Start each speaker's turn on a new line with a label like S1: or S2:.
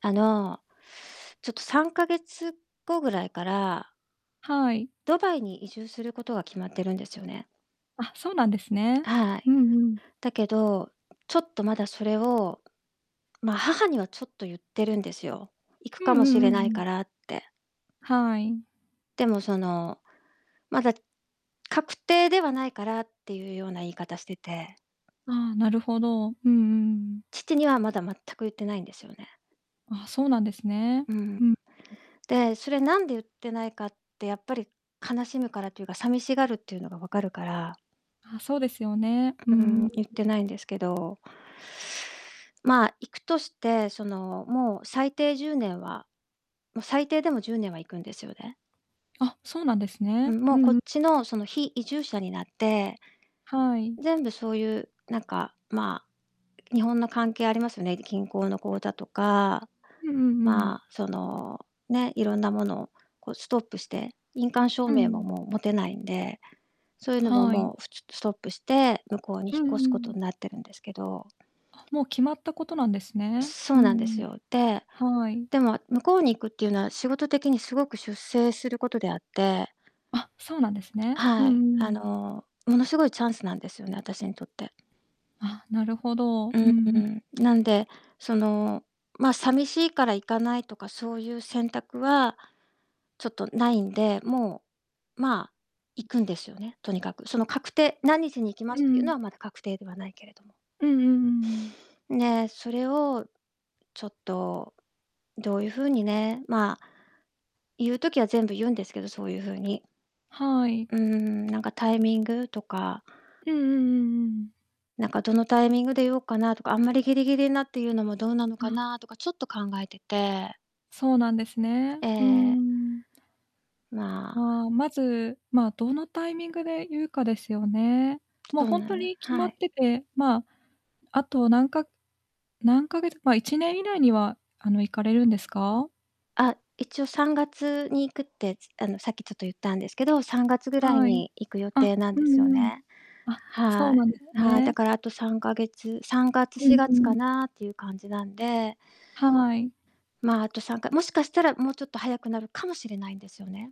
S1: あの、ちょっと、3ヶ月後ぐらいから
S2: はい。
S1: ドバイに移住することは、決まってるんですよね。
S2: あ、そうなんですね。
S1: は、あ
S2: う
S1: い。
S2: んうん。
S1: だけど、ちょっと、まだそれを、ま、母にはちょっと言ってるんですよ。行く
S2: うん
S1: か
S2: う
S1: もし
S2: んうん
S1: れ
S2: う
S1: ない
S2: ん。
S1: からって。
S2: はい。
S1: でも、その、まだ確定ではないからっていうような言い方してて
S2: ああ、なるほど。うんうん。
S1: 父にはまだ、全く言ってないんですよね。
S2: ああ、そうなんですね、
S1: うん。
S2: うん。
S1: で、それ、なんで言ってないかって、やっぱり、悲しむからというか、さみしがるっていうのが分かるから
S2: あ、そうですよね、うー
S1: うーん、
S2: ん。
S1: 言っ
S2: [unintelligible]
S1: てないんですけどまあ、行くとして、その、もう、最低10年は、も、最低でも10年は行くんですよね。
S2: あ、そうなんです
S1: う
S2: ね。
S1: ん、も
S2: う
S1: う、こ
S2: ん、
S1: っ
S2: ん。
S1: ちの、その、非移住者になって、
S2: はい。
S1: 全部そういうなんか、まあ、日本の関係ありますよね、銀行の口座とか、
S2: うんうんうん。
S1: まあ、そのね、いろんなものをこうストップして、印鑑証
S2: う
S1: 明も、
S2: ん。
S1: もう持てないんで、そういうのが
S2: はい。
S1: もう、ふ、つ、ストップして、向こうに
S2: う
S1: 引っ
S2: ん
S1: 越す
S2: う
S1: ことに
S2: ん。
S1: なってるんですけど
S2: あ、もう決まったことなんですね。
S1: そ
S2: う
S1: うなんで
S2: んう
S1: す
S2: ん。
S1: よ。で、
S2: はい。
S1: でも向こうに行くっていうのは、仕事的にすごく出世することであって
S2: あ、そうなんですね。う
S1: は
S2: ん
S1: い。
S2: う
S1: あ
S2: ん。
S1: の、ものすごいチャンスなんですよね、あたしにとって。
S2: あ、なるほど。
S1: う
S2: う
S1: んう
S2: ん、ん。
S1: ん、なんで、その、まあ、さみしいから行かないとかそういう選択は、ちょっとないんで、もう、まあ、行くんですよね、とにかく。その、確定何日に行きま
S2: う
S1: すっていうの
S2: ん。
S1: は、まだ確定ではないけれども。
S2: うんうんうんうん。
S1: んね、それをちょっとどういう風にね、まあ、言う時は全部言うんですけど、そういう風に。
S2: はい。
S1: うーん、なんかタイミングとか
S2: うんうんうんうん。
S1: なんか、どのタイミングで言おっかなとか、あんまりギリギリになって言うのもどうなのか
S2: あ。
S1: なとか、ちょっと考えてて
S2: そうなんですね。
S1: ええ
S2: うん
S1: え
S2: う
S1: え。
S2: んうん。
S1: まあ。
S2: ああ、まず、まあ、どのタイミングで言うかですよね。も、
S1: そう
S2: ほん
S1: な、
S2: と
S1: ゆ
S2: に決
S1: は
S2: まっ
S1: い。
S2: てて、まあ、あと、なんか何ヶ月まあ、1年以内には、あの、行かれるんですか？
S1: あ、一応、3月に行くって、つあの、さっきちょっと言ったんですけど、3月ぐらい
S2: はい。
S1: に行く予
S2: あ、
S1: 定なん
S2: う
S1: で
S2: ん
S1: すよ
S2: うん。
S1: ね。
S2: あ、そ
S1: は
S2: うなんです
S1: い。はい。だ
S2: ね。
S1: から、あと3ヶ月さんがつ
S2: う
S1: し
S2: ん
S1: が
S2: う
S1: つか
S2: ん。
S1: なっていう感じなんで
S2: はい。
S1: まあ、あと3かもしかしたら、もうちょっと早くなるかもしれないんですよね。